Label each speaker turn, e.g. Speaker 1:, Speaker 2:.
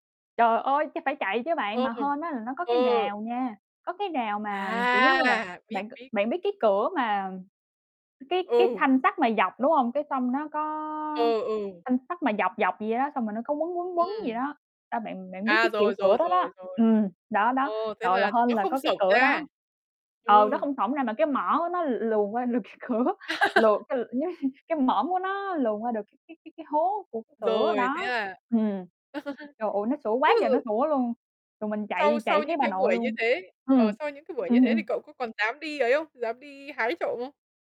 Speaker 1: Trời ơi, cái phải chạy chứ bạn. Mà
Speaker 2: Ừm,
Speaker 1: hên á, là nó có cái
Speaker 2: ờ.
Speaker 1: rào nha, có cái rào mà, kiểu giống như là,
Speaker 2: À! Biết,
Speaker 1: bạn c
Speaker 2: biết.
Speaker 1: bạn biết cái cửa mà cái cái
Speaker 2: Ừ.
Speaker 1: thanh sắt mà dọc, đúng hông? Cái xong nó có
Speaker 2: Ừ, ừ.
Speaker 1: thanh sắt mà dọc dọc vậy đó, xong rồi nó có quấn quấn quấn vậy
Speaker 2: Ừm.
Speaker 1: đó. A, bạn bạn biết
Speaker 2: À,
Speaker 1: cái kiểu
Speaker 2: rồi,
Speaker 1: cửa
Speaker 2: rồi,
Speaker 1: đó đó
Speaker 2: rồi, rồi.
Speaker 1: ừm, đó đó.
Speaker 2: Ồ, thế
Speaker 1: Trời là
Speaker 2: là
Speaker 1: hên
Speaker 2: nó
Speaker 1: là
Speaker 2: không
Speaker 1: có cái
Speaker 2: xổng
Speaker 1: cửa
Speaker 2: ra!
Speaker 1: đó. Ừ, nó
Speaker 2: Ừm.
Speaker 1: không xổng ra mà cái mỏ của nó l luồn qua lược cái cửa, luồn cái l cái mõm của nó luồn qua được cái cái cái hố của cái cửa
Speaker 2: Rồi, thế
Speaker 1: đó.
Speaker 2: là
Speaker 1: Ừm. Trời ơi, nó sủa
Speaker 2: thế,
Speaker 1: quá trời nó
Speaker 2: ừ
Speaker 1: sủa luôn, rồi mình
Speaker 2: Sau
Speaker 1: chạy, chạy
Speaker 2: sau
Speaker 1: thấy
Speaker 2: những
Speaker 1: bà
Speaker 2: cái
Speaker 1: nội
Speaker 2: buổi như
Speaker 1: luôn.
Speaker 2: thế ờ,
Speaker 1: Ừm.
Speaker 2: sau những cái buổi như
Speaker 1: Ừm,
Speaker 2: thế thì
Speaker 1: ừm.
Speaker 2: cậu có còn dám đi ấy không? Dám đi hái trộm không?